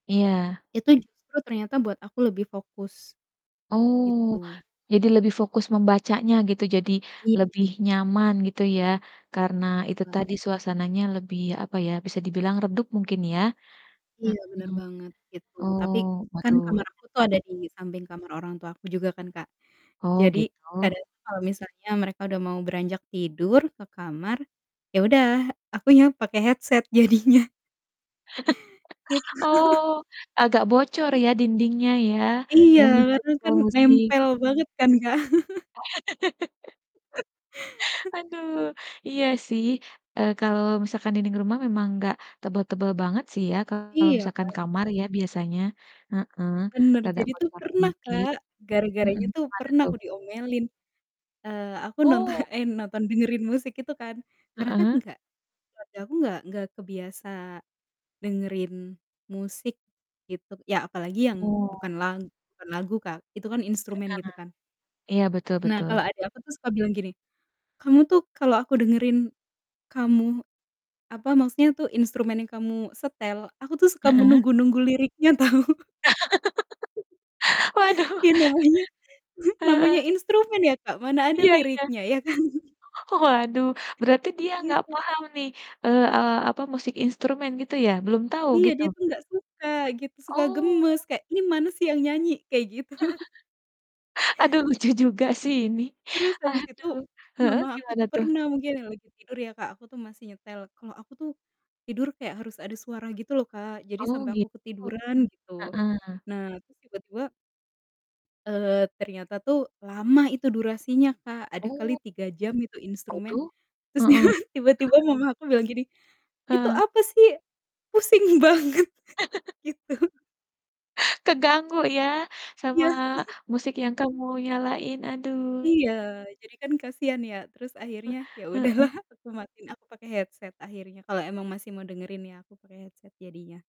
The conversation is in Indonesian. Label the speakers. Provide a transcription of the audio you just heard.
Speaker 1: Iya.
Speaker 2: Itu justru ternyata buat aku lebih fokus,
Speaker 1: Oh,
Speaker 2: gitu.
Speaker 1: jadi lebih fokus membacanya gitu, jadi
Speaker 2: Iya.
Speaker 1: lebih nyaman gitu ya. Karena
Speaker 2: Iya
Speaker 1: itu
Speaker 2: lah.
Speaker 1: tadi, suasananya lebih, apa ya, bisa dibilang redup mungkin, ya.
Speaker 2: Iya, bener
Speaker 1: Mhm,
Speaker 2: banget, gitu.
Speaker 1: oh,
Speaker 2: Tapi kan
Speaker 1: waduh
Speaker 2: kamar aku
Speaker 1: enak
Speaker 2: tuh ada
Speaker 1: banget.
Speaker 2: di samping kamar orang tua aku juga kan Kak,
Speaker 1: Oh,
Speaker 2: jadi
Speaker 1: gitu.
Speaker 2: kadang itu kalo misalnya mereka udah mau beranjak tidur ke kamar, ya udah, akunya pake headset jadinya. Gitu.
Speaker 1: Oh, agak bocor ya, dindingnya ya.
Speaker 2: Iya,
Speaker 1: Dan saat
Speaker 2: karena
Speaker 1: nyetel
Speaker 2: kan
Speaker 1: musik
Speaker 2: nempel banget kan, Kak.
Speaker 1: Aduh, iya sih, eee, kalau misalkan dinding rumah memang nggak tebel-tebel banget sih ya, kalau
Speaker 2: Iya,
Speaker 1: misalkan
Speaker 2: kan?
Speaker 1: kamar ya, biasanya. Heeh,
Speaker 2: Bener,
Speaker 1: agak
Speaker 2: jadi tuh
Speaker 1: bocor
Speaker 2: pernah,
Speaker 1: dikit.
Speaker 2: Kak,
Speaker 1: Mhm,
Speaker 2: gara-garanya tuh
Speaker 1: gimana,
Speaker 2: pernah
Speaker 1: tuh?
Speaker 2: aku diomelin, eee, aku nonto
Speaker 1: Oh.
Speaker 2: eh nonton, dengerin musik itu kan karena kan
Speaker 1: Heeh?
Speaker 2: enggak keluarga aku nggak nggak kebiasa dengerin musik gitu, ya apalagi yang
Speaker 1: Oh.
Speaker 2: bukan lag bukan lag Kak, itu kan
Speaker 1: Benar
Speaker 2: instrumen, gitu kan.
Speaker 1: iya, betul
Speaker 2: Nah,
Speaker 1: betul.
Speaker 2: kalau adek aku tuh suka bilang gini, "Kamu tuh kalau aku dengerin kamu," apa maksudnya tuh, "instrumen yang kamu setel, aku tuh suka
Speaker 1: Heeh?
Speaker 2: menunggu-nunggu liriknya tahu."
Speaker 1: Waduh.
Speaker 2: Iya, namanya namanya
Speaker 1: Heeh.
Speaker 2: instrumen ya Kak, mana ada
Speaker 1: Iya iya.
Speaker 2: liriknya, iya kan?
Speaker 1: Oh waduh, berarti dia gak
Speaker 2: Gitu.
Speaker 1: paham nih, eee eee, apa, musik instrumen gitu ya, belum tahu
Speaker 2: Iya,
Speaker 1: gitu?
Speaker 2: dia tuh gak suka gitu, suka
Speaker 1: Oh.
Speaker 2: gemes, kayak, "Ini mana sih yang nyanyi?" Kayak gitu.
Speaker 1: Aduh, lucu juga sih ini.
Speaker 2: Terus abis itu,
Speaker 1: Aduh, heeh,
Speaker 2: mama aku
Speaker 1: gimana
Speaker 2: tuh
Speaker 1: tuh?
Speaker 2: pernah, mungkin ya lagi tidur ya Kak, aku tuh masih nyetel, kalau aku tuh tidur kayak harus ada suara gitu loh Kak, jadi
Speaker 1: Oh,
Speaker 2: sampai aku
Speaker 1: gitu.
Speaker 2: ketiduran, gitu.
Speaker 1: Heeh.
Speaker 2: Nah, terus tiba-tiba eee, ternyata tuh lama itu durasinya, Kak. Ada kali
Speaker 1: Oh.
Speaker 2: 3 jam itu instrumen,
Speaker 1: Waduh,
Speaker 2: terusnya
Speaker 1: heeh.
Speaker 2: tiba-tiba mama aku bilang gini, "Itu
Speaker 1: Heeh.
Speaker 2: apa sih? Pusing banget." Gitu
Speaker 1: Keganggu ya, sama
Speaker 2: Iya.
Speaker 1: musik yang kamu nyalain, aduh.
Speaker 2: Iya, jadi kan kasihan ya? Terus
Speaker 1: Eh,
Speaker 2: akhirnya ya
Speaker 1: heeh.
Speaker 2: udahlah, aku matiin, aku pakai headset akhirnya, kalau emang masih mau dengerin, ya aku pakai headset jadinya.